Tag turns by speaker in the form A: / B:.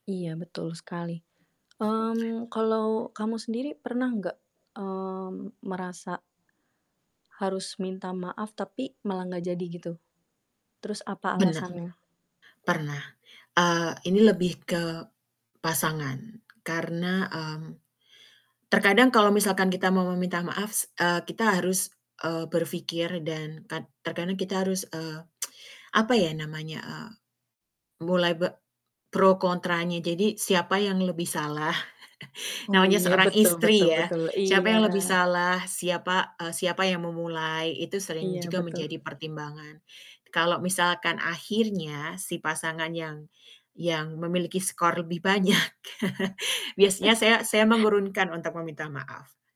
A: Iya betul sekali. Mmm, kalau kamu sendiri pernah gak, mmm, merasa harus minta maaf, tapi malah gak jadi gitu? Terus apa
B: Bena
A: alasannya?
B: pernah. Eee, ini lebih ke pasangan karena, mmm, terkadang kalau misalkan kita mau meminta maaf s eee, kita harus, eee, berfikir dan kad terkadang kita harus, eee, apa ya namanya, eee, mulai be pro kontranya, jadi siapa yang lebih salah
A: Oh,
B: namanya
A: iya
B: seorang
A: betul betul
B: istri ya,
A: betul
B: siapa
A: iya.
B: yang lebih salah, siapa eee, siapa yang memulai itu sering
A: Iya
B: juga
A: betul.
B: menjadi pertimbangan. Kalau misalkan akhirnya si pasangan yang yang memiliki skor lebih banyak biasanya saya saya mengurunkan untuk meminta maaf.